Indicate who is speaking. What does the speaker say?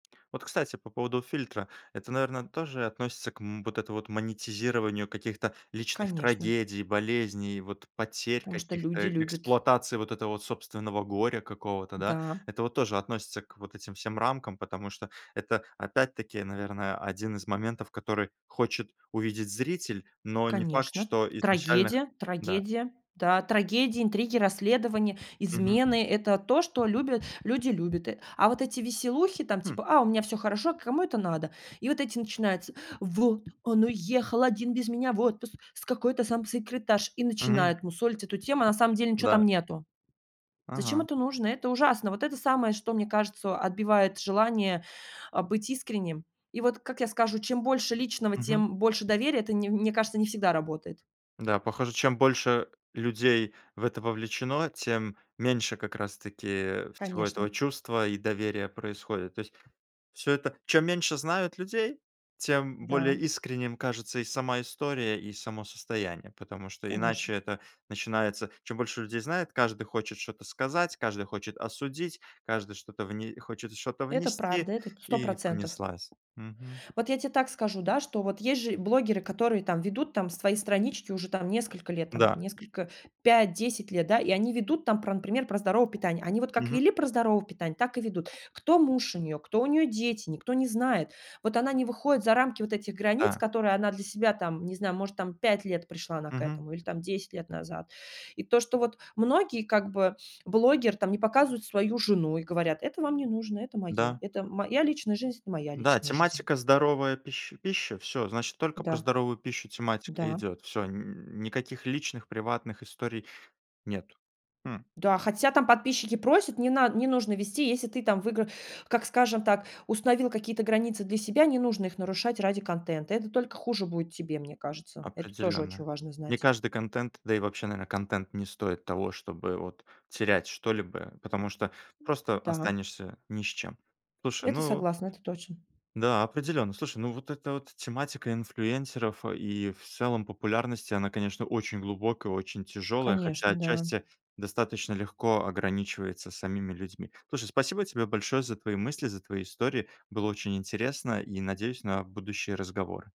Speaker 1: Вот, кстати, по поводу фильтра. Это, наверно, тоже относится к, м, вот это вот монетизированию каких-то личных
Speaker 2: Конечно.
Speaker 1: трагедий, болезней, вот потерь
Speaker 2: Потому что
Speaker 1: каких-то,
Speaker 2: люди
Speaker 1: э
Speaker 2: любят
Speaker 1: эксплуатации вот этого собственного горя какого-то, да.
Speaker 2: Да.
Speaker 1: Это вот тоже относится к вот этим всем рамкам, потому что это опять-таки, наверное, один из моментов, который хочет увидеть зритель, но не факт,
Speaker 2: Конечно,
Speaker 1: что изначально х
Speaker 2: трагедия
Speaker 1: да.
Speaker 2: трагедия, да, трагедии, интриги, расследования,
Speaker 1: Мгм.
Speaker 2: измены- это то, что любят люди любят. А вот эти веселухи, там,
Speaker 1: Хм.
Speaker 2: типа: "А у меня всё хорошо",- кому это надо? И вот эти начинаются: "Вот он уехал один без меня в отпуск с какой-то там секретаршей",- и
Speaker 1: Мгм.
Speaker 2: начинают мусолить эту тему. На самом деле ничего
Speaker 1: Да.
Speaker 2: там нету. Зачем
Speaker 1: Ага.
Speaker 2: это нужно? Это ужасно. Вот это самое, что, мне кажется, отбивает желание, а, быть искренним. И вот, как я скажу, чем больше личного,
Speaker 1: Мгм.
Speaker 2: тем больше доверия. Это, не мне кажется, не всегда работает.
Speaker 1: Да, похоже, чем больше людей в это вовлечено, тем меньше как раз-таки всего этого
Speaker 2: Конечно.
Speaker 1: чувства и доверия происходит. То есть всё это чем меньше знают людей, тем более
Speaker 2: Да.
Speaker 1: искренним кажется и сама история, и само состояние. Потому что
Speaker 2: Конечно.
Speaker 1: иначе это начинается: чем больше людей знает, каждый хочет что-то сказать, каждый хочет осудить, каждый что-то вне хочет что-то
Speaker 2: Это
Speaker 1: внести,
Speaker 2: правда, этот сто
Speaker 1: и
Speaker 2: процентов
Speaker 1: понеслась, мгм.
Speaker 2: Вот я те так скажу, да, что вот есть же блогеры, которые там ведут там свои странички уже там несколько лет, там
Speaker 1: Да.
Speaker 2: несколько 5-10 лет, да, и они ведут там про, например, про здоровое питание. Они вот как
Speaker 1: Мгм.
Speaker 2: вели про здоровое питание, так и ведут. Кто муж у неё, кто у неё дети, никто не знает. Вот она не выходит за рамки вот этих границ,
Speaker 1: Да.
Speaker 2: которые она для себя, там, не знаю, может, там 5 лет пришла она к
Speaker 1: Мгм.
Speaker 2: этому или там 10 лет назад. И то, что вот многие как бы блогер там не показывают свою жену и говорят: "Это вам не нужно, это моё,
Speaker 1: Да.
Speaker 2: это моя личная жизнь, это моя
Speaker 1: Да,
Speaker 2: личная жизнь".
Speaker 1: тематика- здоровая пищ пища. Всё, значит, только про
Speaker 2: Да,
Speaker 1: здоровую пищу тематика
Speaker 2: да.
Speaker 1: идёт. Всё, н никаких личных приватных историй нет. Хм.
Speaker 2: Да, хотя там подписчики просят не над не нужно вести, если ты там выигра как, скажем так, установил какие-то границы для себя, не нужно их нарушать ради контента. Это только хуже будет тебе, мне кажется, это тоже
Speaker 1: Определенно.
Speaker 2: очень важно
Speaker 1: Не
Speaker 2: знать.
Speaker 1: каждый контент, да и вообще, наверно, контент не стоит того, чтобы вот терять что-либо, потому что просто
Speaker 2: Да.
Speaker 1: останешься ни с чем. Слушай,
Speaker 2: Это
Speaker 1: ну
Speaker 2: согласна, это точно.
Speaker 1: Да, определённо. Слушай, ну, вот эта вот тематика инфлюенсеров и в целом популярности, она, конечно, очень глубокая, очень тяжёлая, хотя
Speaker 2: Конечно, да.
Speaker 1: отчасти достаточно легко ограничивается самими людьми. Слушай, спасибо тебе большое за твои мысли, за твои истории. Было очень интересно, и надеюсь на будущие разговоры.